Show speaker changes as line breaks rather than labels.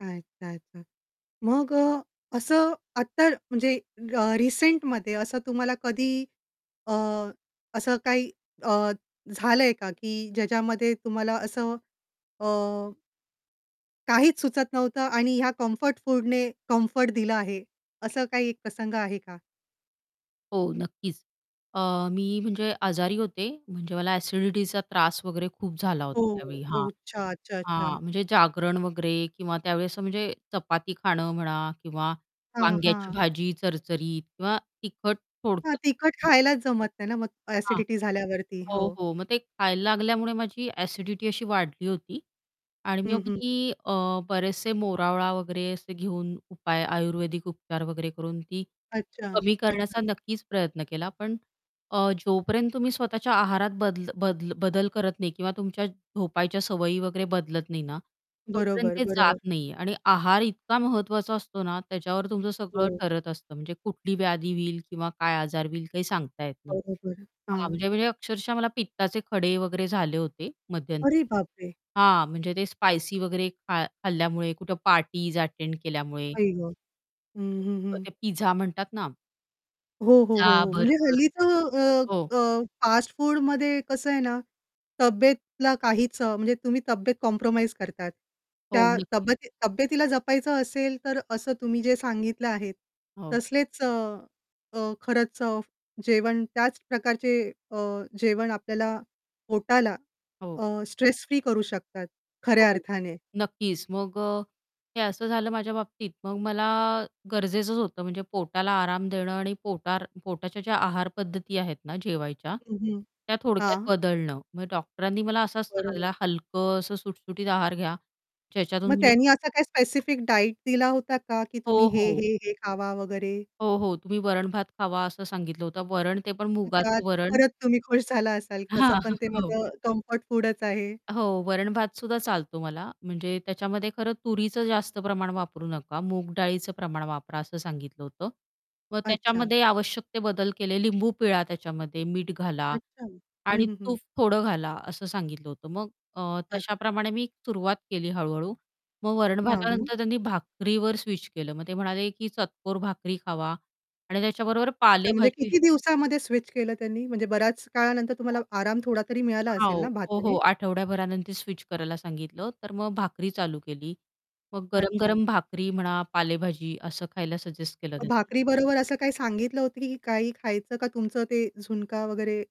अच्छा, अच्छा. मग अ, असं आत्ता म्हणजे अ, रिसेंटमध्ये असं तुम्हाला कधी अ, असं काही अ, झालंय का की ज्याच्यामध्ये तुम्हाला असं अ काहीच सुचत नव्हतं आणि ह्या कम्फर्ट फूडने कम्फर्ट दिला आहे, असं काही एक प्रसंग आहे का?
हो नक्कीच. अ, मी म्हणजे आजारी होते, म्हणजे मला ॲसिडिटीचा त्रास वगैरे खूप झाला होता
हो,
त्यावेळी हां.
ओ. अच्छा, अच्छा, अच्छा.
हां, म्हणजे जागरण वगैरे किंवा त्यावेळेस म्हणजे चपाती खाणं म्हणा किंवा
हां,
वांग्याची
हां.
भाजी चरचरीत किंवा तिखट
हां,
थोडक्यात
तिखट खायलाच जमत नाही ना, मग
हां,
ॲसिडिटी झाल्यावरती.
हो,
हो.
हो, मग ते खायला लागल्यामुळे माझी ॲसिडिटी अशी वाढली होती आणि
हं,
मग
हं.
मी अ, बरेचसे मोरावळा वगैरे असे घेऊन उपाय आयुर्वेदिक उपचार वगैरे करून ती
अच्छा,
कमी करण्याचा
अच्छा.
नक्कीच प्रयत्न केला पण अ, जोपर्यंत तुम्ही स्वतःच्या आहारात बद बद बदल करत नाही किंवा तुमच्या झोपायच्या सवयी वगैरे बदलत नाही ना, तोपर्यंत
बरोबर,
ते जात
बरोबर.
नाही आणि आहार इतका महत्त्वाचा असतो ना, त्याच्यावर तुमचं सगळं
हो.
ठरत असतं म्हणजे कुठली व्याधी होईल किंवा काय आजार होईल काही सांगता येत नाही.
बरोबर,
हां,
हां.
म्हणजे म्हणजे अक्षरशः मला पित्ताचे खडे वगैरे झाले होते मध्यंतरी
अरे, बापरे!
हां, म्हणजे ते स्पाइसी वगैरे खा खाल्ल्यामुळे कुठे पार्टीज अटेंड केल्यामुळे.
आई गं! हं, हं,
[unintelligible]
हं.
ते पिझ्झा म्हणतात ना
हो, हो, हो,
पिझ्झा,
हो, म्हणजे
बर्गर.
हल्ली तर
हो.
अ, अ, फास्टफूडमध्ये कसं आहे ना, तब्येतीला काहीच अ, म्हणजे तुम्ही तब्येत कॉम्प्रोमाईज करतात.
हो,
त्या
नक्कीच.
तब्येती तब्येतीला जपायचं असेल, तर असं तुम्ही जे सांगितलं आहे
हो.
तसलेच अ, अ, खरंच अ, जेवण त्याच प्रकारचे अ, जेवण आपल्याला पोटाला
हो.
अ, स्ट्रेस फ्री करू शकतात खऱ्या
हो.
अर्थाने.
नक्कीच मग अ, हे असं झालं माझ्या बाबतीत मग मला गरजेचंच होतं म्हणजे पोटाला आराम देणं आणि पोटार पोटाच्या ज्या आहार पद्धती आहेत ना, जेवायच्या,
हं, हं.
त्या थोडक्यात
हां.
बदलणं. मग डॉक्टरांनी मला असा सल्ला
बरोबर.
दिला हलकं असं सुटसुटीत आहार घ्या,
मग
ज्याच्यातून मी
त्यांनी असा काही स्पेसिफिक डाएट दिला होता का की तुम्ही
हो,
हे,
हो.
हे, हे खावा वगैरे?
हो, हो तुम्ही वरण-भात खावा असं सांगितलं होतं वरण ते पण
मग त्यात
मुगाचं वरण.
परत तुम्ही खुश झाला असाल कसं
हां,
पण ते
हो.
माझं कम्फर्ट फूडच आहे.
हो, हो, तुम्ही वरण-भात सुद्धा चालतो मला म्हणजे त्याच्यामध्ये खरं तुरीचं जास्त प्रमाण वापरू नका, मूग डाळीचं प्रमाण वापरा असं सांगितलं होतं. मग
अच्छा.
त्याच्यामध्ये आवश्यक ते बदल केले लिंबू पिळा त्याच्यामध्ये, मीठ घाला
अच्छा. हं,
आणि
हं, हं.
तूप थोडं घाला, असं सांगितलं होतं मग अ,
अच्छा.
तशाप्रमाणे मी सुरुवात केली हळू-हळू. मग
हां, हां.
वरण-भातानंतर त्यांनी भाकरीवर स्विच केलं. मग ते म्हणाले की चतकोर भाकरी खावा आणि त्याच्याबरोबर
अच्छा म्हणजे
पालेभाजी
किती दिवसामध्ये स्विच केलं त्यांनी म्हणजे बऱ्याच काळानंतर तुम्हाला आराम थोडा तरी मिळाला
हां
असेल ना,
हो. हो, हो,
भाताने?
आठवड्याभरानंतर स्विच करायला सांगितलं, तर मग भाकरी चालू केली. मग
अच्छा.
गरम-गरम भाकरी म्हणा, पालेभाजी असं खायला सजेस्ट केलं
मग
त्यांनी.
भाकरी बरोबर असं काही सांगितलं होतं की काही खायचं का तुमचं ते झुणका वगैरे